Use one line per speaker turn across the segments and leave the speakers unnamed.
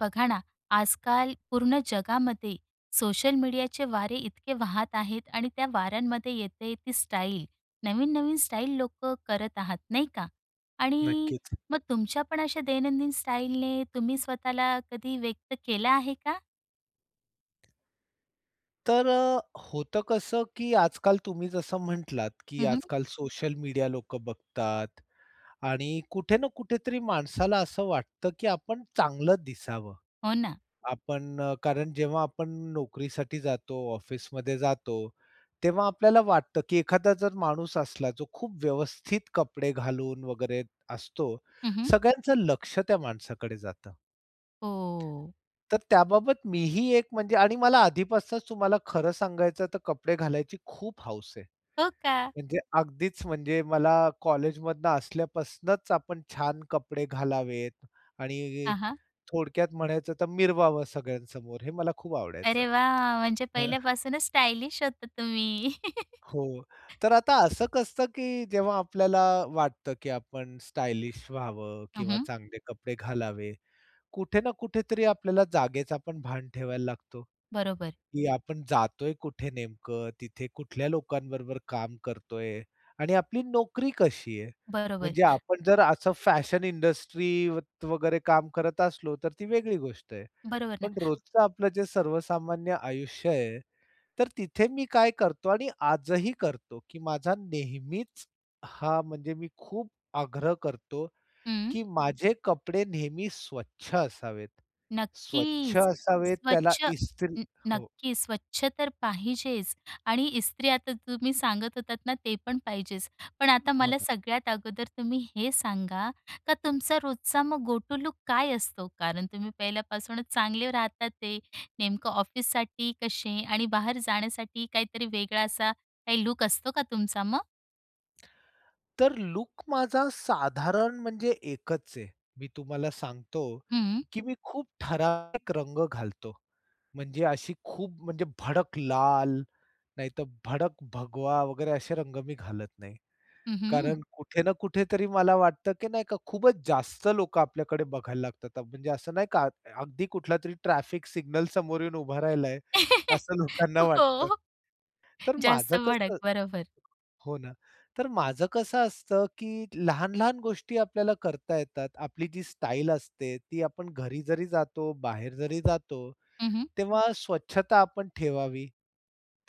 बघा ना, आजकाल पूर्ण जगामध्ये सोशल मीडियाचे वारे इतके वाहत आहेत आणि त्या वाऱ्यांमध्ये येते ती स्टाईल. नवीन-नवीन स्टाईल लोकं करत आहात, नाही का? आणि
नक्कीच.
मग तुमच्या पण अशा दैनंदिन स्टाईलने तुम्ही स्वतःला कधी व्यक्त केलं आहे का?
तर अ, होतं कसं, की आजकाल तुम्ही जसं म्हटलात, की
हं, हं.
आजकाल सोशल मीडिया लोकं बघतात आणि कुठे ना कुठेतरी माणसाला असं वाटतं, की आपण चांगलं दिसावं.
हो ना.
आपण, कारण जेव्हा आपण नोकरीसाठी जातो, ऑफिसमध्ये जातो, तेव्हा आपल्याला वाटतं, की एखादा जर माणूस असला जो खूप व्यवस्थित कपडे घालून वगैरे असतो,
हं, हं.
सगळ्यांचं लक्ष त्या माणसाकडे जातं.
हो.
तर त्याबाबत मीही एक म्हणजे आणि मला आधीपासूनच तुम्हाला खरं सांगायचं तर कपडे घालायची खूप हौस आहे.
हो का?
म्हणजे अगदीच म्हणजे मला कॉलेजमधनं असल्यापासनुच आपण छान कपडे घालावेत आणि
हां, हां.
थोडक्यात म्हणायचं तर मिरवावं सगळ्यांसमोर, हे मला खूप आवडायचं.
अरे, वाह! म्हणजे
हां.
पहिल्यापासूनच स्टायलिश होता तुम्ही.
हो, तर आता असं कसं की जेव्हा आपल्याला वाटतं, की आपण स्टायलिश व्हावं
हं,
किंवा
हं.
चांगले कपडे घालावे, कुठे ना कुठेतरी आपल्याला जागेचापण भान ठेवायला लागतो.
बरोबर.
की आपण जातोय कुठे नेमकं, तिथे कुठल्या लोकांबरोबर काम करतोय आणि आपली नोकरी कशी आहे.
बरोबर.
म्हणजे आपण जर असं फॅशन इंडस्ट्रीत वगैरे काम करत असलो, तर ती वेगळी गोष्ट आहे,
बरोबर ना.
पण रोजचं आपलं जे सर्वसामान्य आयुष्य आहे, तर तिथे मी काय करतो आणि आजही करतो, की माझा नेहमीच हां म्हणजे मी खूप आग्रह करतो,
हं.
की माझे कपडे नेहमी स्वच्छ असावेत. स्वच्छ
नक्कीच,
असावेत, त्याला
स्वच्छ
इस्त्री
न
हो.
नक्की स्वच्छ तर पाहिजेच आणि इस्त्री आता तुम्ही सांगत होतात ना, ते पण पाहिजेच. पण आता
हो
मला
ना.
सगळ्यात अगोदर तुम्ही हे सांगा, का तुमचा रोजचा मग गोटू लूक काय असतो? कारण तुम्ही पहिल्यापासूनच चांगले राहत आहेत. नेमकं ऑफिससाठी कसे आणि बाहेर जाण्यासाठी काहीतरी वेगळा असा काही लूक असतो का तुमचा मग?
तर लूक माझा साधारण, म्हणजे एकच आहे. मी तुम्हाला सांगतो,
हं.
की मी खूप ठराविक रंग घालतो. म्हणजे अशी खूप म्हणजे भडक लाल, नाहीतर भडक भगवा वगैरे असे रंग मी घालत नाही.
हं, हं.
कारण कुठे ना कुठेतरी मला वाटतं, की नाही का, खूपच जास्त लोकं आपल्याकडे बघायला लागतात. म्हणजे असं नाही का अगदी कुठलातरी ट्रॅफिक सिग्नल समोर येऊन उभा राहिला आहे, असं लोकांना वाटतं.
हो.
तर माझं
जास्त भडक,
कसं
बरोबर.
हो, ना. तर माझं कसं असतं, की लहान-लहान गोष्टी आपल्याला करता येतात. आपली जी स्टाईल असते, ती आपण घरी जरी जातो, बाहेर जरी जातो.
हं, हं.
तेव्हा स्वच्छता आपण ठेवावी,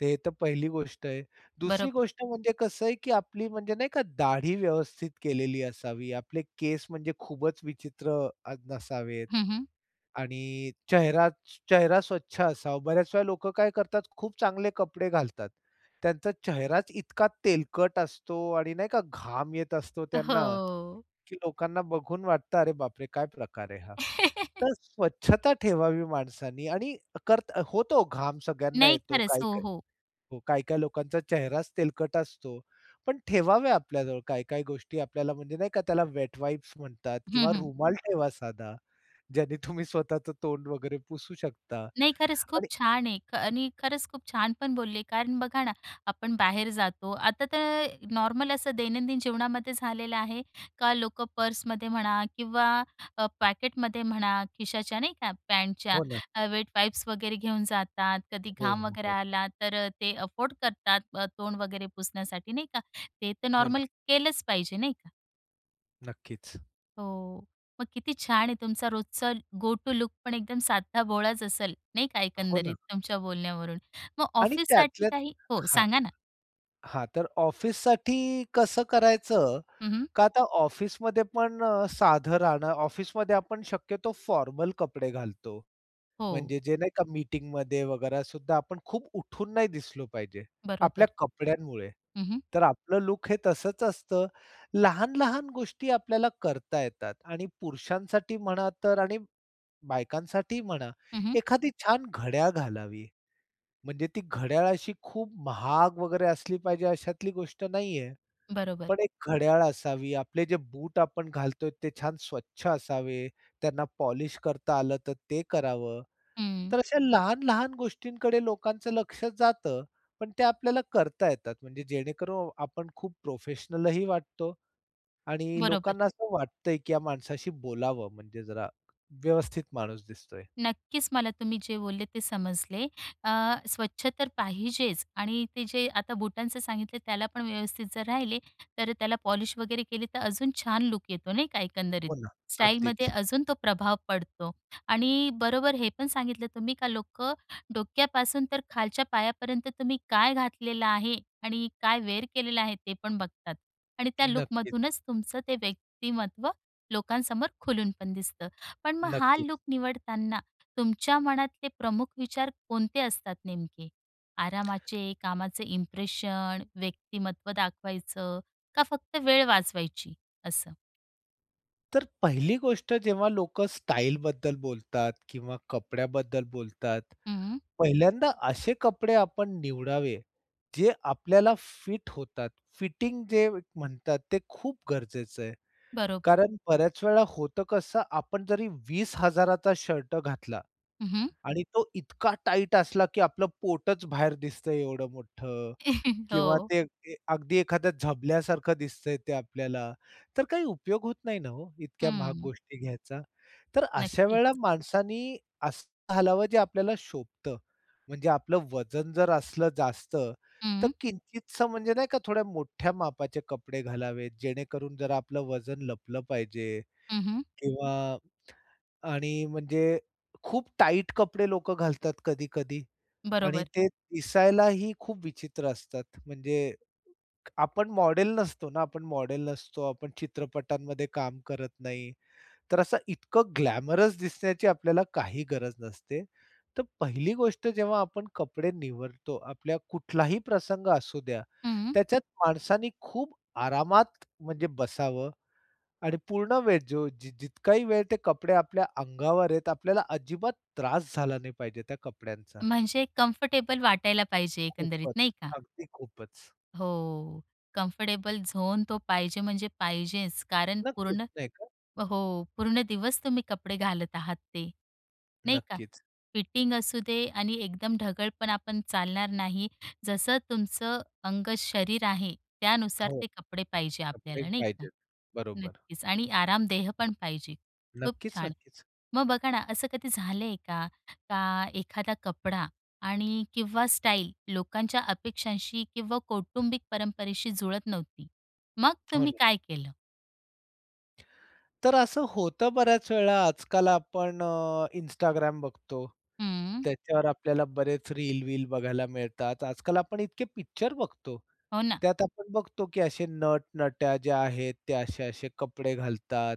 ते तर पहिली गोष्ट आहे. दुसरी
बरोबर.
गोष्ट म्हणजे कसं आहे, की आपली म्हणजे नाही का, दाढी व्यवस्थित केलेली असावी. आपले केस म्हणजे खूपच विचित्र अ, नसावेत
हं, हं.
आणि चेहरा चेहरा स्वच्छ असावा. बऱ्याच वेळा लोकं काय करतात. खूप चांगले कपडे घालतात. त्यांचा चेहराच इतका तेलकट असतो आणि नाही का, घाम येत असतो त्यांना.
हो.
की लोकांना बघून वाटतं, "अरे बापरे! काय प्रकार आहे हा." तर स्वच्छता ठेवावी माणसांनी. आणि करत होतो घाम सगळ्यांना
नाही,
येतो.
खरंच. हो,
काही-काही
हो.
हो. काही-काही लोकांचा चेहराच तेलकट असतो. पण ठेवावे आपल्याजवळ काही-काही गोष्टी आपल्याला, म्हणजे नाही का, त्याला वेट वाईप्स म्हणतात
हं,
किंवा
हं.
रुमाल ठेवा साधा, ज्याने तुम्ही स्वतःचं तोंड वगैरे पुसू शकता.
नाही, खरंच खूप
आणि
छान आहे. ख आणि खरंच खूप छान पण बोलले कारण बघा ना, आपण बाहेर जातो. आता तर नॉर्मल असं दैनंदिन जीवनामध्ये झालेलं आहे, का लोक पर्समध्ये म्हणा किंवा अ, पॅकेटमध्ये म्हणा, खिशाच्या नाही का, पॅन्टच्या
हो, ना.
अ, वेट वाईप्स वगैरे घेऊन जातात. कधी
हो,
घाम
हो,
वगैरे
हो.
आला, तर अ, ते अफोर्ड करतात, अ, तोंड वगैरे पुसण्यासाठी नाही का, ते तर
हो ना.
नॉर्मल केलंच पाहिजे नाही का?
नक्कीच.
हो, मग किती छान आहे तुमचा रोजचा गो टू लूकपण एकदम साधा भोळाच असेल नाही का,
हो, ना.
एकंदरीत तुमच्या बोलण्यावरून. मग
आणि
ऑफिससाठी
त्यातल्या
काही हो
हां.
सांगा ना?
हां तर, ऑफिससाठी कसं करायचं,
हं, हं.
का आता ऑफिसमध्ये पण साधं राहणं, ऑफिसमध्ये आपण शक्यतो फॉर्मल कपडे घालतो.
हो.
म्हणजे जे नाही का, मीटिंगमध्ये वगैरे सुद्धा, आपण खूप उठून नाही दिसलो पाहिजे, आपल्या
बरोबर.
कपड्यांमुळे.
हं, हं.
तर आपलं लूक हे तसंच असतं, लहान-लहान गोष्टी आपल्याला करता येतात आणि पुरुषांसाठी म्हणा तर आणि बायकांसाठी म्हणा,
हं, हं.
एखादी छान घड्याळ घालावी. म्हणजे ती घड्याळाशी खूप महाग वगैरे असली पाहिजे अशातली गोष्ट नाही आहे.
बरोबर.
पण एक घड्याळ असावी, आपले जे बूट आपण घालतोय ते छान स्वच्छ असावे, त्यांना पॉलिश करता आलं तर ते करावं.
हं.
तर अशा लहान-लहान गोष्टींकडे लोकांचं लक्ष जातं, पण ते आपल्याला करता येतात. म्हणजे जेणेकरून आपण खूप प्रोफेशनलही वाटतो आणि
बरोबर.
लोकांना असं वाटतंय की या माणसाशी बोलावं, म्हणजे जरा व्यवस्थित माणूस दिसतोय.
नक्कीच, मला तुम्ही जे बोलले ते समजले. अ, स्वच्छ तर पाहिजेच आणि ते जे आता बुटांचं सांगितले, त्यालापण व्यवस्थित जर राहिले, तर त्याला पॉलिश वगैरे केली, तर अजून छान लूक येतो नाही का, एकंदरीत
हो ना.
स्टाईलमध्ये
अगदीच.
अजून तो प्रभाव पडतो. आणि बरोबर हे पण सांगितलं तुम्ही का लोकं डोक्यापासून तर खालच्या पायापर्यंत तुम्ही काय घातलेल आहे आणि काय वेअर केलेलं आहे ते पण बघतात. आणि त्या
नक्कीच.
लूकमधूनच तुमचं ते व्यक्तिमत्त्व लोकांसमोर खुलून पण दिसतं. पण मग हा
नक्कीच.
लूक निवडताना, तुमच्या मनातले प्रमुख विचार कोणते असतात नेमके? आरामाचे, कामाचं इंप्रेशन, व्यक्तिमत्त्व दाखवायचं का फक्त वेळ वाचवायची असं?
तर पहिली गोष्ट जेव्हा लोकं स्टाईलबद्दल बोलतात किंवा कपड्याबद्दल बोलतात.
हम्म.
पहिल्यांदा असे कपडे आपण निवडावे, जे आपल्याला फिट होतात. फिटिंग जे म्हणतात, ते खूप गरजेचं आहे.
बरोबर.
कारण बऱ्याच वेळा होतं कसं? आपण जरी 20,000चा शर्ट घातला
हं, हं.
आणि तो इतका टाईट असला, की आपलं पोटच बाहेर दिसतंय एवढं मोठ्ठं किंवा
हो.
ते ते अगदी एखाद्या झबल्यासारखं दिसतंय ते आपल्याला, तर काही उपयोग होत नाही ना हो, इतक्या महाग
हम्म.
गोष्टी घ्यायचा. तर अशा
नक्कीच.
वेळेला माणसांनी असं घालावं जे आपल्याला शोभतं. म्हणजे आपलं वजन जर असलं जास्त, तर
हम्म.
किंचितसं म्हणजे नाही का थोड्या मोठ्या मापाचे कपडे घालावेत जेणेकरून जर आपलं वजन लपलं पाहिजे.
हं, हं.
किंवा आणि म्हणजे खूप टाईट कपडे लोकं घालतात कधी-कधी आणि
बरोबर.
ते दिसायलाही खूप विचित्र असतात. म्हणजे आपण मॉडेल नसतो ना. आपण मॉडेल नसतो- आपण चित्रपटांमध्ये काम करत नाही. तर असं इतकं ग्लॅमरस दिसण्याची आपल्याला काही गरज नसते. तर पहिली गोष्ट जेव्हा आपण कपडे निवडतो, आपल्या कुठलाही प्रसंग असू द्या,
हम्म.
त्याच्यात माणसांनी खूप आरामात म्हणजे बसावं आणि पूर्ण वेळ जो जि जितकाही वेळ ते कपडे आपल्या अंगावर आहेत, आपल्याला अजिबात त्रास झाला नाही पाहिजे त्या कपड्यांचा.
म्हणजे कंफर्टेबल वाटायला पाहिजे एकंदरीत, नाही
खूपच,
का?
अगदी खूपच.
हो. कम्फर्टेबल झोन, तो पाहिजे म्हणजे पाहिजेच. कारण
नक्कीच
पूर्ण
नाही का?
हो. पूर्ण दिवस तुम्ही कपडे घालत आहात ते, नाही का?
नक्कीच.
फिटिंग असू दे आणि एकदम ढगळपणा पण चालणार नाही. जसं तुमचं अंग-शरीर आहे, त्यानुसार
हो.
ते कपडे पाहिजे
कपडे
आपल्याला, नाही का?
पाहिजेत. बरोबर.
नक्कीच. आणि आरामदेह पण पाहिजे. खूप
नक्कीच,
छान.
नक्कीच.
मग बघा ना असं कधी झालंय का? का एखादा कपडा आणि किंवा स्टाईल लोकांच्या अपेक्षांशी किंवा कौटुंबिक परंपरेशी जुळत नव्हती, मग
हो
तुम्ही
ना.
काय केलं?
तर असं होतं बऱ्याच वेळा आजकाल आपण Instagram बघतो,
हम्म.
त्याच्यावर आपल्याला बरेच रील-वील बघायला मिळतात. आजकाल आपण इतके पिक्चर बघतो,
हो ना.
त्यात आपण बघतो की असे नट-नट्या ज्या आहेत, ते असे-असे कपडे घालतात.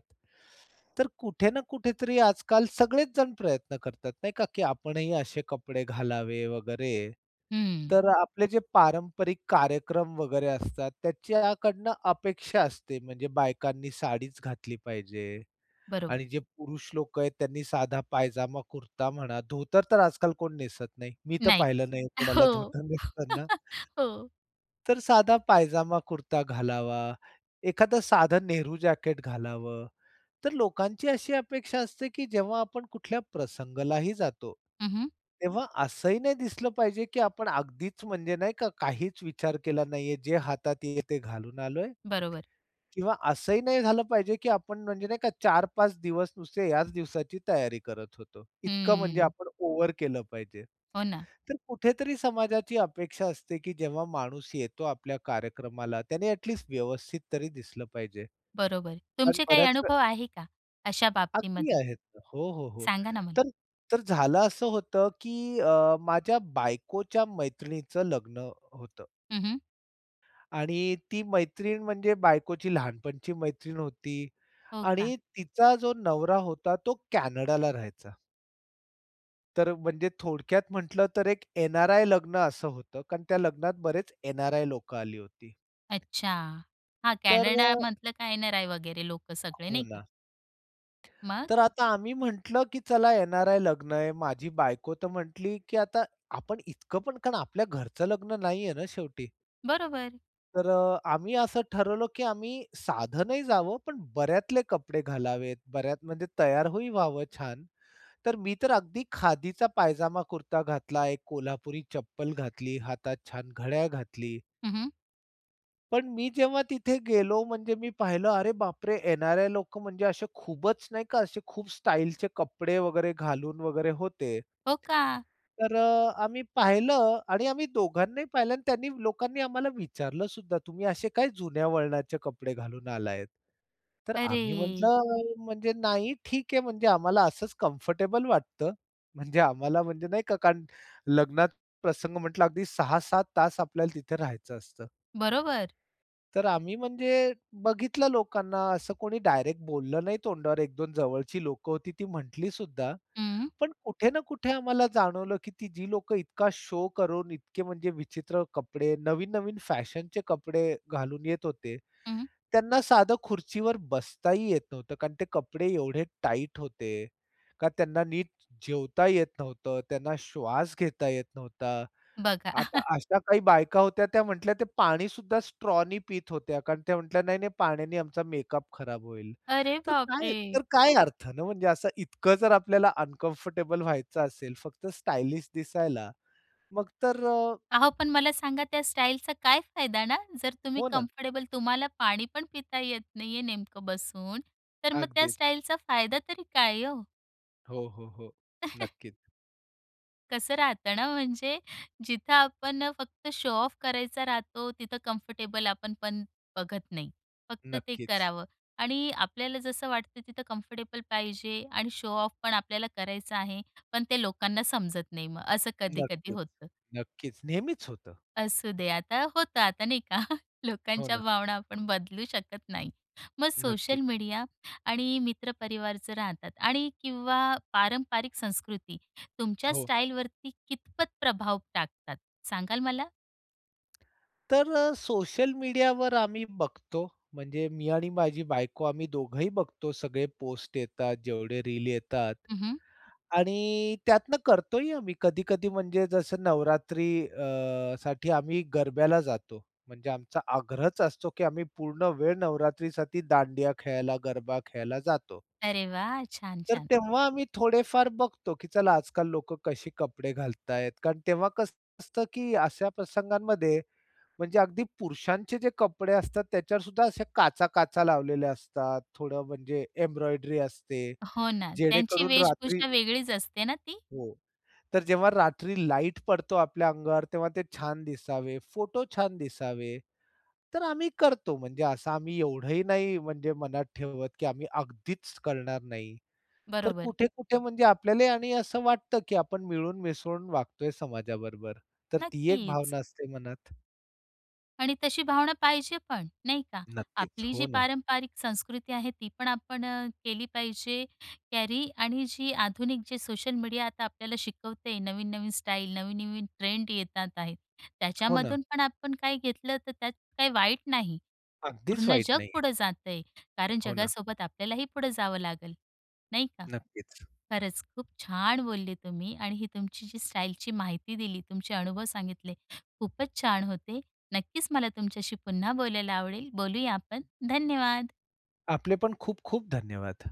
तर कुठे ना कुठेतरी आजकाल सगळेच जण प्रयत्न करतात नाही का, की आपणही असे कपडे घालावे वगैरे.
हं.
तर आपले जे पारंपरिक कार्यक्रम वगैरे असतात, त्याच्याकडनं अपेक्षा असते, म्हणजे बायकांनी साडीच घातली पाहिजे
बरोबर.
आणि जे पुरुष लोक आहेत त्यांनी साधा पायजामा कुर्ता म्हणा, धोतर तर आजकाल कोण नेसत नाही, मी तर
नाही
पाहिलं नाही आहे कोणाला
हो,
धोतर नेसताना.
हो.
तर साधा पायजामा कुर्ता घालावा, एखादं साधं नेहरू जॅकेट घालावं, तर लोकांची अशी अपेक्षा असते, की जेव्हा आपण कुठल्या प्रसंगलाही जातो,
हं, हं.
तेव्हा असंही नाही दिसलं पाहिजे की आपण अगदीच म्हणजे नाही का, काहीच विचार केला नाहीये, जे हातात आहे ते घालून आलोय
बरोबर.
किंवा असंही नाही झालं पाहिजे, की आपण म्हणजे नाही का 4-5 दिवस नुसते याच दिवसाची तयारी करत होतो, इतकं म्हणजे
हं.
आपण ओव्हर केलं पाहिजे.
हो ना.
तर कुठेतरी समाजाची अपेक्षा असते, की जेव्हा माणूस येतो आपल्या कार्यक्रमाला, त्याने ॲट लीस्ट व्यवस्थित तरी दिसलं पाहिजे.
बरोबर,
कारण
तुमचे काही
बऱ्याच
अनुभव आहे का, अशा
अगदी
बाबतीमध्ये?
आहेत. हो, हो, हो
सांगा ना मग?
तर, तर झालं असं होतं की अ, माझ्या बायकोच्या मैत्रिणीचं लग्न होतं.
हं, हं.
आणि ती मैत्रीण म्हणजे बायकोची लहानपणाची मैत्रीण होती
हो का.
आणि तिचा जो नवरा होता तो कॅनडाला राहायचा. तर म्हणजे थोडक्यात म्हटलं तर एक एन-आर-आय लग्न असं होतं कारण त्या लग्नात बरेच एन-आर-आय लोकं आली होती.
अच्छा. हा
तर अ
कॅनडामधलं काय एन-आर-आय वगैरे लोकं सगळे,
हो
नाही का?
ना.
मग?
तर आता आम्ही म्हंटलं की चला एन-आर-आय लग्न आहे, माझी बायको तर म्हटली, "की आता आपण इतकं पण कारण आपल्या घरचं लग्न नाहीये ना शेवटी."
बरोबर.
तर अ, आम्ही असं ठरवलं की आम्ही साधनही जावं, पण बऱ्यातले कपडे घालावेत. बऱ्यात म्हणजे तयार होई व्हावं छान. तर मी तर अगदी खादीचा पायजामा कुर्ता घातला, एक कोल्हापुरी चप्पल घातली, हातात छान घड्याळ घातली.
हं, हं.
पण मी जेव्हा तिथे गेलो म्हणजे मी पाहिलं, अरे बापरे! एन-आर-आय लोकं म्हणजे असे खूपच नाही का असे खूप स्टाइलचे कपडे वगैरे घालून वगैरे होते.
हो का?
तर आम्ही पाहिलं आणि आम्ही दोघांनाही पाहिलं आणि त्यांनी लोकांनी आम्हाला विचारलंसुद्धा, "तुम्ही असे काय जुन्या वळणाचे कपडे घालून आलायेत?" तर आम्ही
अरे!
म्हटलं, "म्हणजे नाही ठीक आहे, म्हणजे आम्हाला असंच कम्फर्टेबल वाटतं." म्हणजे आम्हाला म्हणजे नाही का कारण लग्नात प्रसंग म्हटलं अगदी 6-7 तास आपल्याला तिथे राहायचं असतं.
बरोबर.
तर आम्ही म्हणजे बघितलं लोकांना असं कोणी डायरेक्ट बोललं नाही तोंडावर, 1-2 जवळची लोकं होती ती म्हटलीसुद्धा.
हं.
पण कुठे ना कुठे आम्हाला जाणवलं की ती जी लोकं इतका शो करून, इतके म्हणजे विचित्र कपडे, नवीन-नवीन फॅशनचे कपडे घालून येत होते,
हं.
त्यांना साधं खुर्चीवर बसताही येत नव्हतं. कारण ते कपडे एवढे टाईट होते का त्यांना नीट ज जेवता येत नव्हतं, त्यांना श्वास घेता येत नव्हता.
बघा.
आता अशा काही बायका होत्या त्या म्हटल्या, ते पाणीसुद्धा स्ट्रॉनी पीत होत्या, कारण त्या म्हटल्या, "नाही-नाही पाण्याने आमचा मेकअप खराब होईल."
अरे
तर काय
बापरे!
तर काय अर्थ ना? म्हणजे असं इतकं जर आपल्याला अनकम्फर्टेबल व्हायचं असेल फक्त स्टाइलिश दिसायला, मग तर
अहो पण मला सांगा त्या स्टाईलचा काय फायदा ना? जर तुम्ही
हो ना.
कम्फर्टेबल तुम्हाला पाणी पण पिता येत नाहीये नेमकं बसून, तर मग त्या
अगदीच.
स्टाईलचा फायदा तरी काय हो?
हो, हो, हो, नक्कीच.
कसं राहतं ना, म्हणजे जिथं आपण फक्त शो-ऑफ करायचा राहतो, तिथं कम्फर्टेबल आपण पण बघत नाही, फक्त ते
नक्कीच.
करावं. आणि आपल्याला जसं वाटतं तिथं कम्फर्टेबल पाहिजे आणि शो-ऑफ पण आपल्याला करायचा आहे, पण ते लोकांना समजत नाही मग असं कधी-कधी
नक्कीच,
होतं.
नक्कीच, नेहमीच होतं.
असू दे आता होतं आता नाही का?
हो
लोकांच्या
ना.
भावना आपण बदलू शकत नाही. मग सोशल
नक्कीच.
मीडिया आणि मित्रपरिवार जर राहतात आणि किंवा पारंपारिक संस्कृती तुमच्या
हो.
स्टाईलवरती कितपत प्रभाव टाकतात, सांगाल मला?
तर सोशल मीडियावर आम्ही बघतो म्हणजे मी आणि माझी बायको आम्ही दोघंही बघतो सगळे पोस्ट येतात जेवढे रील येतात.
हं, हं.
आणि त्यातनं करतोही आम्ही कधी-कधी म्हणजे जसं नवरात्री अ साठी आम्ही गरब्याला जातो. म्हणजे आमचा आग्रहच असतो, की आम्ही पूर्ण वेळ नवरात्रीसाठी दांडिया खेळायला, गरबा खेळायला जातो.
अरे वाह! छान,
तर
छान.
तेव्हा आम्ही थोडेफार बघतो की चला आजकाल लोकं कसे कपडे घालतायत? कारण तेव्हा कसं असतं की अशा प्रसंगांमध्ये म्हणजे अगदी पुरुषांचे जे कपडे असतात त्याच्यावर सुद्धा अशा काच-काचा लावलेल्या असतात. थोडं म्हणजे एम्ब्रॉयडरी असते
हो ना. त्यांची
जेणेकरून रात्री
वेशभूषा वेगळीच असते ना ती?
हो. तर जेव्हा रात्री लाईट पडतो आपल्या अंगावर, तेव्हा ते छान दिसावे, फोटो छान दिसावे. तर आम्ही करतो म्हणजे असं आम्ही एवढंही नाही म्हणजे मनात ठेवत, की आम्ही अगदीच करणार नाही. तर
बरोबर.
कुठे-कुठे म्हणजे आपल्यालाही आणि असं वाटतं, की आपण मिळून-मिसळून वागतोय समाजाबरोबर, तर ती एक
नक्कीच.
भावना असते मनात.
आणि तशी भावना पाहिजे पण नाही का?
नक्कीच.
आपली
हो
जी
ना.
पारंपारिक संस्कृती आहे ती पण आपण अ, केली पाहिजे कॅरी आणि जी आधुनिक जे सोशल मीडिया आता आपल्याला शिकवतयं नवीन-नवीन स्टाईल, नवीन-नवीन ट्रेंड येतात आहेत
हो ना.
त्याच्यामधून पण आपण काही घेतलं तर त्यात काही वाईट नाही.
अगदीच
पूर्ण
वाईट
जग
नाही आहे.
पुढं जात आहे, कारण
हो ना.
जगासोबत आपल्यालाही पुढं जावं लागेल. नाही का?
नक्कीच.
खरंच खूप छान बोलले तुम्ही आणि ही तुमची जी स्टाईलची माहिती दिली, तुमचे अनुभव सांगितले खूपच छान होते. नक्कीच मला तुमच्याशी पुन्हा बोलायला आवडेल, बोलूया आपण. धन्यवाद.
आपले पण खूप-खूप धन्यवाद.